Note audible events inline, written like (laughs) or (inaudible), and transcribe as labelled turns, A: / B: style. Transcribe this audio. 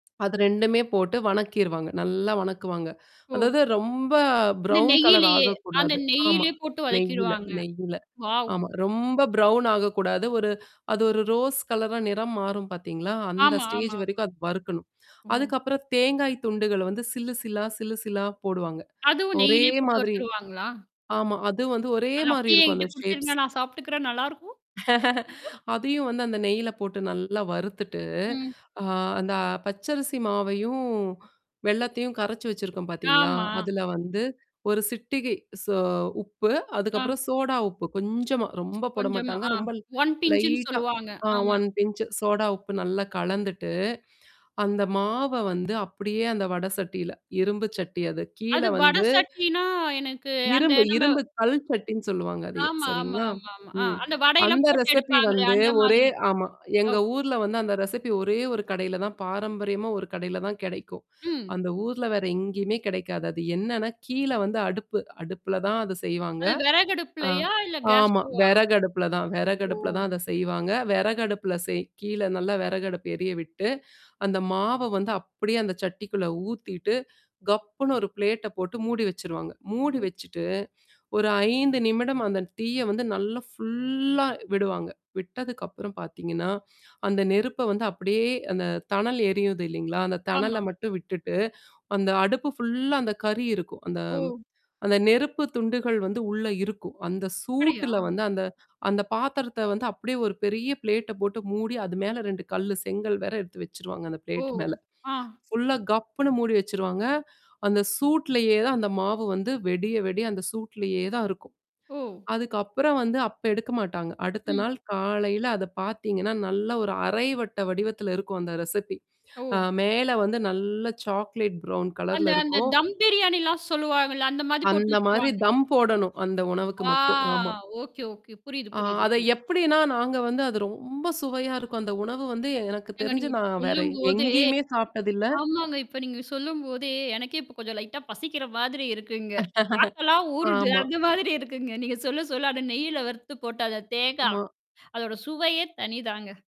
A: அது 2மே போட்டு வணக்கிருவாங்க. நல்லா வணக்குவாங்க.
B: ஓ.
A: அதாவது ரொம்ப
B: அந்த
A: ப்ரவுன் கலர்
B: நெய்யிலயே அந்த
A: ஆகக்கூடாது. ஆமா.
B: நெய்யிலே போட்டு
A: நெய்யில,
B: வதக்கீடுவாங்க.
A: நெய்யில.
B: வாவ்!
A: ஆமா. ரொம்ப பிரவுன் ஆகக்கூடாது. ஒரு அது ஒரு ரோஸ் கலரா நிறம் மாறும் பார்த்தீங்களா, அந்த
B: ஆமா,
A: ஸ்டேஜ்
B: ஆமா, ஆமா.
A: வரைக்கும் அது வறுக்கணும்.
B: ஓ.
A: அதுக்கப்புறம் தேங்காய் துண்டுகள வந்து சில்லு சில்லா, சில்லு சில்லா போடுவாங்க
B: அதுவும்
A: ஒரே
B: நெய்யிலே போட்டு
A: மாதிரி
B: வருத்துருவாங்களா?
A: ஆமா. அது வந்து ஒரே
B: அது
A: மாரி
B: அப்படியே
A: இருக்கும் அந்த
B: என்கிட்ட குடுத்துருங்க
A: ஷேப்ஸ்.
B: நான் சாப்பிட்டுக்குறேன், நல்லாருக்கும்.
A: (laughs)
B: (laughs)
A: அதையும் வந்து அந்த நெய்யில போட்டு நல்லா வறுத்துட்டு,
B: ம்.
A: அ அந்த பச்சரிசி மாவையும் வெல்லத்தையும் கரைச்சு வச்சிருக்கோம் பார்த்தீங்களா?
B: ஆமா.
A: அதுல வந்து ஒரு சிட்டிகை சோ உப்பு,
B: ஆ.
A: அதுக்கப்புறம் சோடா உப்பு கொஞ்சமா, ரொம்ப போட
B: கொஞ்சமா
A: மாாட்டாங்க.
B: ஆ
A: ரொம்ப
B: 1 பின்ச்சுன்னு
A: லைட்டா
B: சொல்லுவாங்க.
A: ஆ
B: ஆமா.
A: 1 பின்ச்சு சோடா உப்பு நல்லா கலந்துட்டு, அந்த மாவ வந்து அப்படியே அந்த வட சட்டியில. இரும்பு சட்டி அது. கீழ
B: அது வட
A: வந்து
B: சட்டின்னா எனக்கு அந்த
A: இரும்பு
B: நம்ம
A: இரும்பு கல் சட்டின்னு சொல்லுவாங்க அதைய
B: ஆமா, ஆமா,
A: சரிங்களா?
B: ஆமா, ஆமா. ஆ
A: ம்.
B: அந்த வடையெல்லாம்
A: அந்த
B: போட்டு
A: ரெசிபி
B: எடுப்பாங்களே!
A: வந்து
B: அந்த
A: ஒரே
B: மாதிரியா?
A: ஆமா எங்க
B: ஓகே.
A: ஊர்ல வந்து அந்த ரெசிபி ஒரே ஒரு கடையில தான், பாரம்பரியமா ஒரு கடையில தான் கிடைக்கும்.
B: ம்.
A: அந்த ஊர்ல வேற எங்கேயுமே கிடைக்காது. அது என்னன்னா கீழ வந்து அடுப்பு, அடுப்புல தான் அது செய்வாங்க.
B: அது
A: ஆ.
B: விறகடுப்புலையா? இல்ல
A: ஆமா.
B: கேஸ்டவ்வா?
A: விறகு அடுப்புல தான். விறகு
B: ஓ!
A: அடுப்புல தான் அத செய்வாங்க. வெறகடுப்புல செய் கீழ நல்லா விறகடுப்பு எரிய விட்டு அந்த மாவ வந்து அப்படியே அந்த சட்டிக்குள்ள ஊத்திட்டு, கப்புன்னு ஒரு பிளேட்ட போட்டு மூடி வச்சுருவாங்க. மூடி
B: ம்.
A: வச்சுட்டு ஒரு 5 நிமிடம் அந்த தீய வந்து நல்லா ஃபுல்லா விடுவாங்க. விட்டதுக்கப்புறம் பார்த்தீங்கன்னா, அந்த நெருப்ப வந்து அப்படியே அந்த தணல் எரியுது இல்லைங்களா? அந்த தணல
B: ஆமா.
A: மட்டும் விட்டுட்டு, அந்த அடுப்பு ஃபுல்லா அந்த கறி இருக்கும். அந்த
B: ஓ!
A: அந்த நெருப்பு துண்டுகள் வந்து உள்ள இருக்கும். அந்த
B: அப்டியா?
A: சூட்டுல வந்து அந்த அந்த பாத்திரத்த வந்து அப்படியே ஒரு பெரிய பிளேட்ட போட்டு மூடி அது மேல 2 கல்லு, செங்கல் வேற எடுத்து வச்சுருவாங்க அந்த
B: ஓ!
A: பிளேட் மேல.
B: ஆ.
A: ஃபுல்லா கப்புனு மூடி வச்சுருவாங்க. அந்த சூட்லயே தான் அந்த மாவு வந்து விடிய, விடிய அந்த சூட்லயே தான் இருக்கும்.
B: ஓ!
A: அதுக்கப்புறம் வந்து, அப்ப எடுக்க மாட்டாங்க. அடுத்த
B: ம்.
A: நாள் காலையில அத பார்த்தீங்கன்னா, நல்ல ஒரு அரை வட்ட வடிவத்தில இருக்கும் அந்த ரெசிபி. அ
B: ஓ!
A: மேல வந்து நல்ல சாக்லேட் பரவுன்
B: அந்த
A: கலர்ல
B: அந்த
A: இருக்கும்.
B: தம் பிரியாணிலாம் சொல்லுவாங்கள்ல. அந்த மாதிரி போட்டு
A: அந்த மாரி
B: வச்சுருவாங்க.
A: தம் போடணும். அந்த உணவுக்கு
B: ஆ
A: மட்டும். ஆமா.
B: ஓகே, ஓகே, புரியுது,
A: ஆ
B: புரியுது.
A: அத
B: என்
A: எப்படின்னா, நாங்க வந்து அது ரொம்ப சுவையா இருக்கும். அந்த உணவு வந்து எனக்கு
B: ஏங்க
A: தெரிஞ்சு
B: நீங்க இப்ப
A: நான் வேற
B: சொல்லும்போதே
A: எங்கேயுமே சாப்பி்டதில்ல.
B: ஆமாங்க. இப்ப நீங்க சொல்லும்போதே எனக்கே இப்ப கொஞ்சம் லைட்டா பசிக்கிற மாதிரி இருக்குங்க. நாக்கல்லாம்
A: (laughs)
B: ஊறுது.
A: ஆமா.
B: அந்த மாதிரி இருக்குங்க. நீங்க சொல்ல சொல்ல அ நெய்யில வறுத்து போட்டு அந்த தேங்கா,
A: ஆமா.
B: அதோட சுவையே, தனிதாங்க.